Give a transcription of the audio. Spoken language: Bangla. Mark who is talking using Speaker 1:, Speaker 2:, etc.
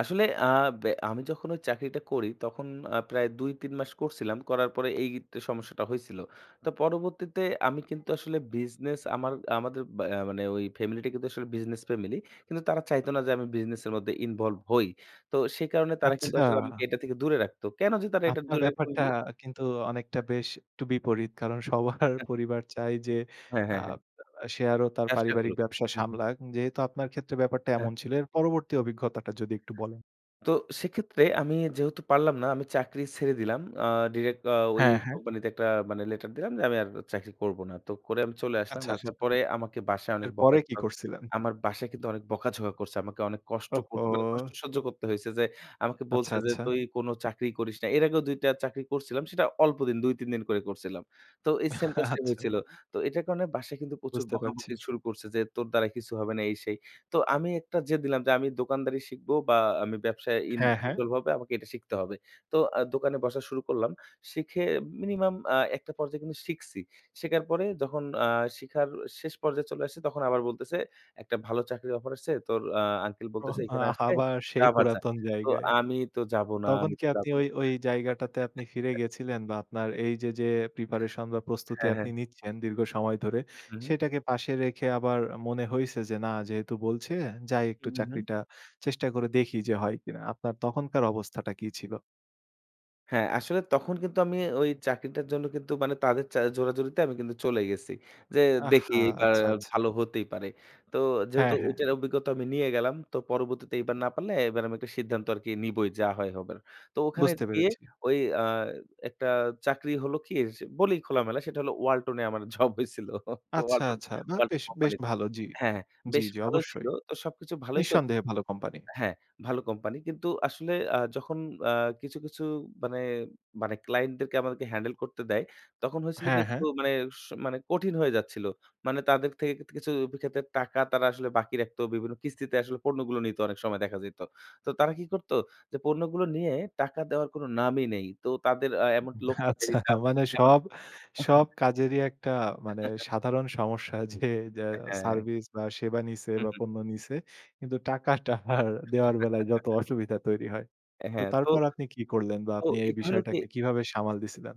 Speaker 1: আসলে আ বে আমি যখন ওই চাকরিটা করি তখন আ প্রায় ২-৩ মাস করছিলাম। করার পরে এই সমস্যাটা হইছিল। তো পরবর্তীতে আমি কিন্তু আসলে বিজনেস আমার আমাদের অ্যা মানে ওই ফ্যামিলি টা কিন্তু আসলে বিজনেস ফ্যামিলি। কিন্তু তারা চাইত না যে আমি বিজনেস এর মধ্যে ইনভলভ হই। তো সে কারণে তারা কিন্তু আসলে আমাকে
Speaker 2: আচ্ছা।
Speaker 1: এটা থেকে দূরে রাখত। কেনো যে তারা এটা
Speaker 2: আপনার
Speaker 1: দূরে রাখত
Speaker 2: ব্যাপারটা
Speaker 1: বু
Speaker 2: কিন্তু অনেকটা বেশ একটু বিপরীত। কারণ সবার পরিবার চায় যে
Speaker 1: হ্যাঁ,
Speaker 2: আ
Speaker 1: হ্যাঁ, হ্যাঁ।
Speaker 2: সে আরো তার
Speaker 1: ব্যবসা
Speaker 2: পারিবারিক
Speaker 1: করুক।
Speaker 2: ব্যবসা
Speaker 1: হু, হু।
Speaker 2: সামলাক। যেহেতু আপনার ক্ষেত্রে ব্যাপারটা
Speaker 1: হ্যাঁ।
Speaker 2: এমন ছিল, এর পরবর্তী অভিজ্ঞতাটা যদি একটু বলেন।
Speaker 1: তো সেক্ষেত্রে আমি যেহেতু পারলাম না আমি চাকরি ছেড়ে দিলাম। আ ডিইরেক্ট আ ওই
Speaker 2: হ্যাঁ, হ্যাঁ।
Speaker 1: কোম্পানিতে একট মানে একটা লেটার দিলাম যে, "আমি আর চাকরি করব না।" তো করে আমি চলে আসলাম।
Speaker 2: আচ্ছা,
Speaker 1: আসার
Speaker 2: আচ্ছা।
Speaker 1: পরে আমাকে বাসায় অনেক
Speaker 2: এর
Speaker 1: বকা
Speaker 2: পরে
Speaker 1: ঝ
Speaker 2: কি করছিলেন?
Speaker 1: আমার বাসায় কিন্তু অনেক বকা-ঝকা করছে। আমাকে অনেক কষ্ট কো মানে কষ্ট
Speaker 2: ওহো!
Speaker 1: সহ্য করতে হইছে যে, আমাকে
Speaker 2: আচ্ছা,
Speaker 1: বলছে যে,
Speaker 2: আচ্ছা।
Speaker 1: "তুই কোনো চাকরিই করিস না।" এর আগেও ২ টা চাকরি করছিলাম। সেটা অল্পদিন ২-৩ দিন করে করছিলাম। তো এই সেইম কাজটাই
Speaker 2: আচ্ছা।
Speaker 1: হয়েছিল। তো এটা কারণে বাসায় কিন্তু প্রচুর
Speaker 2: বুঝতে পারছি।
Speaker 1: বকাবকি শুরু করছে। যে তোর দ্বারা কিছু হবে না এই সেই। তো আমি একটা জেদ নিলাম যে আমি দোকানদারি শিখবো বা আমি ব্যবসায় ইন
Speaker 2: হ্যাঁ, হ্যাঁ।
Speaker 1: ইনভ্লব হবে আমাকে এটা শিখতে হবে। তো আ দোকানে বসা শুরু করলাম। শিখে মিনিমাম আ একটা পর্যায়ে কিন্তু শিখছি। শিখার পরে যখন আ শিখার শেষ পর্যায়ে চলে আসছে তখন আবার বলতেছে একটা ভালো চাকরির অফার আসছে। তোর আ আঙ্কেল
Speaker 2: ওহো!
Speaker 1: বলতেছে এখানে আসতে
Speaker 2: আবার
Speaker 1: তা
Speaker 2: সেই
Speaker 1: আবার যা।
Speaker 2: পুরাতন
Speaker 1: তো
Speaker 2: জায়গায়।
Speaker 1: আমি তো যাবো না,
Speaker 2: তখন
Speaker 1: আমি
Speaker 2: কি
Speaker 1: তো যাব
Speaker 2: আপনি
Speaker 1: না
Speaker 2: ওই ওই জায়গাটাতে আপনি ফিরে গেছিলেন বা আপনার এই যে, যে প্রিপারেশন বা প্রস্তুতি
Speaker 1: হ্যাঁ,
Speaker 2: আপনি
Speaker 1: হ্যাঁ।
Speaker 2: নিচ্ছেন দীর্ঘ সময় ধরে,
Speaker 1: হু, হু, হুম।
Speaker 2: সেটাকে পাশে রেখে আবার মনে হইছে যে না যেহেতু বলছে যাই
Speaker 1: হু,
Speaker 2: একটু
Speaker 1: হু, হুম।
Speaker 2: চাকরিটা চেষ্টা করে দেখি যে হয় কিনা? আপনার তখনকার অবস্থাটা কি ছিল?
Speaker 1: হ্যাঁ, আসলে তখন কিন্তু আমি ওই চাকরিটার জন্য কিন্তু মানে তাদের চা জোরাজুরিতে আমি কিন্তু চলে গেছি। যে দেখি
Speaker 2: আহা!
Speaker 1: এইবার
Speaker 2: আচ্ছা, আচ্ছা।
Speaker 1: ভালো হতেই পারে। তো যেহেতু
Speaker 2: হ্যাঁ, হ্যাঁ।
Speaker 1: ওইটার টা অভিজ্ঞতা আমি নিয়ে গেলাম। তো পরবর্তীতে এবার না পারলে এবার আমি একটা সিদ্ধান্ত আরকি নিবোই যা হয় হবার। তো ওখানে
Speaker 2: বুঝতে
Speaker 1: গিয়ে
Speaker 2: পেরেছি।
Speaker 1: ওই আ একটা চাকরি হলো কি, যে বলিই খোলামেলা সেটা হলো ওয়ালটনে আমার জব হয়েছিল। তো
Speaker 2: আচ্ছা,
Speaker 1: ওয়ালটন
Speaker 2: আচ্ছা। বাহ!
Speaker 1: ওয়ালটন,
Speaker 2: বেশ বেশ,
Speaker 1: কোম্পানিত
Speaker 2: ভালো, জি,
Speaker 1: হ্যাঁ
Speaker 2: জি,
Speaker 1: বেশ
Speaker 2: জি,
Speaker 1: ভালোই ছিল।
Speaker 2: অবশ্যই।
Speaker 1: তো সবকিছু ভালোই চল
Speaker 2: নিঃসন্দেহে ভালো কোম্পানি।
Speaker 1: হ্যাঁ, ভালো কোম্পানি কিন্তু আসলে আ যখন আ কিছু, কিছু মানে মানে ক্লায়েন্টদেরকে আমাদেরকে হ্যান্ডেল করতে দেয়, তখন হয়েছিল কি
Speaker 2: হ্যাঁ,
Speaker 1: একটু
Speaker 2: হ্যাঁ।
Speaker 1: মানে স মানে কঠিন হয়ে যাচ্ছিল। মানে তাদের থেক থেকে কিছু ক্ষেত্রে টাকা তারা আসলে বাকি রাখতো। বিভিন্ন কিস্তিতে আসলে পণ্যগুলো নিত অনেক সময় দেখা যাইত। তো তারা কি করতো যে পণ্যগুলো নিয়ে টাকা দেওয়ার কোনো নামই নেই। তো তাদের অ্যা এমনকি লোক পাঠিয়ে
Speaker 2: আচ্ছা
Speaker 1: দিতাম।
Speaker 2: মানে
Speaker 1: এমন
Speaker 2: সব সব কাজে যে একটা মানে সাধারণ সমস্যা যে যা
Speaker 1: আ হ্যাঁ।
Speaker 2: সার্ভিস বা সেবা নিছে
Speaker 1: হু,
Speaker 2: বা
Speaker 1: হু।
Speaker 2: পণ্য নিছে। কিন্তু টাকাটা দেওয়ার বেলায় যত অসুবিধা তৈরি হয়।
Speaker 1: অ্যা
Speaker 2: তো
Speaker 1: হ্যাঁ, তো
Speaker 2: তারপর আপনি কি করলেন বা
Speaker 1: তো
Speaker 2: আপনি এই
Speaker 1: এটা হল কি
Speaker 2: বিষয়টাকে কিভাবে সামাল দিয়েছিলেন?